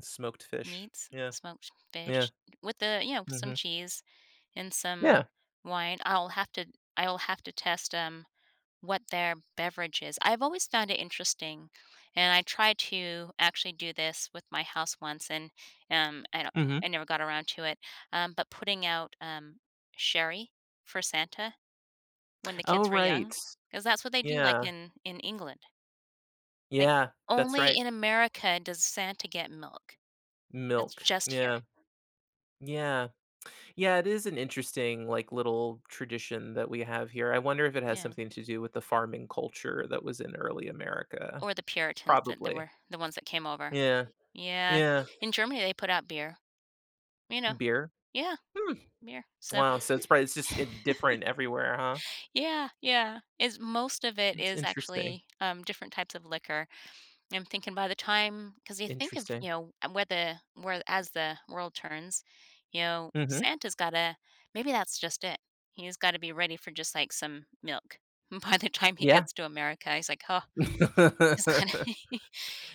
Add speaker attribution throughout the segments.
Speaker 1: Smoked fish.
Speaker 2: Meats,
Speaker 1: Yeah.
Speaker 2: smoked
Speaker 1: Yeah.
Speaker 2: fish with the you know, some
Speaker 1: Mhm.
Speaker 2: cheese and some
Speaker 1: Yeah.
Speaker 2: wine. I'll have to I'll have to test 'em what their beverage is. I've always found it interesting, and I tried to actually do this with my house once, and and, um, I
Speaker 1: Mhm.
Speaker 2: I never got around to it. Um, but putting out, um, sherry for Santa when the
Speaker 1: Oh,
Speaker 2: kids were
Speaker 1: right.
Speaker 2: young, 'cause that's what they do, like,
Speaker 1: Yeah.
Speaker 2: in in England. Like,
Speaker 1: Yeah, that's
Speaker 2: only
Speaker 1: right.
Speaker 2: in America does Santa get milk. That's
Speaker 1: Milk,
Speaker 2: just here.
Speaker 1: yeah. Yeah. Yeah, it is an interesting, like, little tradition that we have here, I wonder if it has
Speaker 2: Yeah.
Speaker 1: something to do with the farming culture that was in early America.
Speaker 2: Or the Puritans that that
Speaker 1: Probably.
Speaker 2: were the ones that came over.
Speaker 1: Yeah.
Speaker 2: Yeah.
Speaker 1: Yeah.
Speaker 2: In Germany, they put out beer, you know?
Speaker 1: Beer.
Speaker 2: Yeah.
Speaker 1: Hmm.
Speaker 2: Beer, so
Speaker 1: Wow, since probably it's just different everywhere, huh?
Speaker 2: Yeah, yeah. Is most of it
Speaker 1: It's
Speaker 2: is
Speaker 1: interesting.
Speaker 2: actually, um, different types of liquor. I'm thinking by the time 'cause you think of,
Speaker 1: Interesting.
Speaker 2: you know, uh, where the where as the world turns, you know,
Speaker 1: Mhm.
Speaker 2: Santa's gotta maybe that's just it. He's gotta be ready for just, like, some milk. By the time he
Speaker 1: Yeah.
Speaker 2: gets to America, he's like, "Oh," he's gonna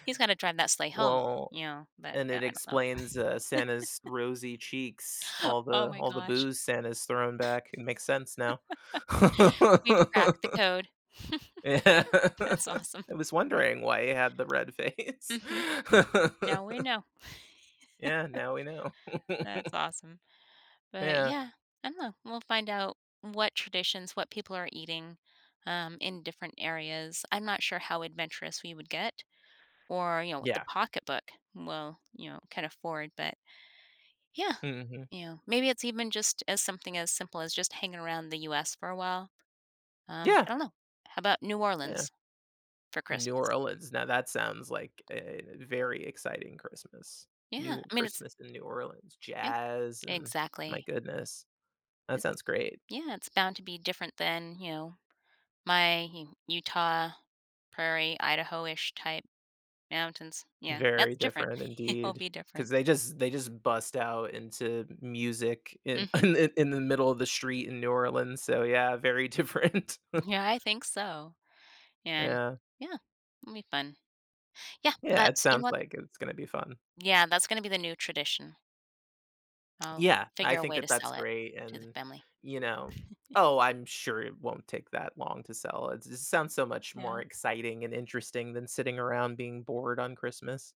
Speaker 2: he's gotta drive that sleigh home,
Speaker 1: Well,
Speaker 2: you know, but,
Speaker 1: and
Speaker 2: yeah,
Speaker 1: it
Speaker 2: I don't know.
Speaker 1: explains, uh, Santa's rosy cheeks, all
Speaker 2: Oh
Speaker 1: the
Speaker 2: my
Speaker 1: all the
Speaker 2: gosh.
Speaker 1: booze Santa's thrown back, it makes sense now.
Speaker 2: We've cracked the code.
Speaker 1: Yeah.
Speaker 2: That's awesome.
Speaker 1: I was wondering why he had the red face.
Speaker 2: Mhm. Now we know.
Speaker 1: Yeah, now we know.
Speaker 2: That's awesome. But
Speaker 1: Yeah.
Speaker 2: yeah, I don't know, we'll find out what traditions, what people are eating, um, in different areas. I'm not sure how adventurous we would get or, you know, with the
Speaker 1: Yeah.
Speaker 2: pocketbook. Well, you know, can afford, but yeah.
Speaker 1: Mhm.
Speaker 2: You know, maybe it's even just as something as simple as just hanging around the US for a while. Um,
Speaker 1: Yeah.
Speaker 2: I don't know. How 'bout New
Speaker 1: Yeah.
Speaker 2: Orleans for
Speaker 1: New
Speaker 2: Christmas?
Speaker 1: Orleans, now that sounds like a very exciting Christmas.
Speaker 2: Yeah,
Speaker 1: New
Speaker 2: I mean, it's
Speaker 1: Christmas in New Orleans,
Speaker 2: Yeah.
Speaker 1: jazz and my
Speaker 2: Exactly.
Speaker 1: goodness. That
Speaker 2: M
Speaker 1: sounds great.
Speaker 2: Yeah, it's bound to be different than, you know, my U Utah, Prairie, Idaho-ish type mountains. Yeah, that's
Speaker 1: Very
Speaker 2: different.
Speaker 1: different
Speaker 2: It'll
Speaker 1: indeed.
Speaker 2: be
Speaker 1: 'Cause
Speaker 2: different.
Speaker 1: they just they just bust out into music in i
Speaker 2: Mhm.
Speaker 1: in the middle of the street in New Orleans, so, yeah, very different.
Speaker 2: Yeah, I think so. And,
Speaker 1: Yeah.
Speaker 2: yeah, it'll be fun. Yeah,
Speaker 1: Yeah, it
Speaker 2: that's
Speaker 1: sounds
Speaker 2: [unintelligible]
Speaker 1: like it's gonna be fun.
Speaker 2: Yeah, that's gonna be the new tradition. I'll
Speaker 1: Yeah, I
Speaker 2: figure a
Speaker 1: think
Speaker 2: way to
Speaker 1: that that's
Speaker 2: sell it
Speaker 1: great
Speaker 2: to the
Speaker 1: and,
Speaker 2: family.
Speaker 1: you know, oh, I'm sure it won't take that long to sell. It it sounds so much more
Speaker 2: Yeah.
Speaker 1: exciting and interesting than sitting around being bored on Christmas.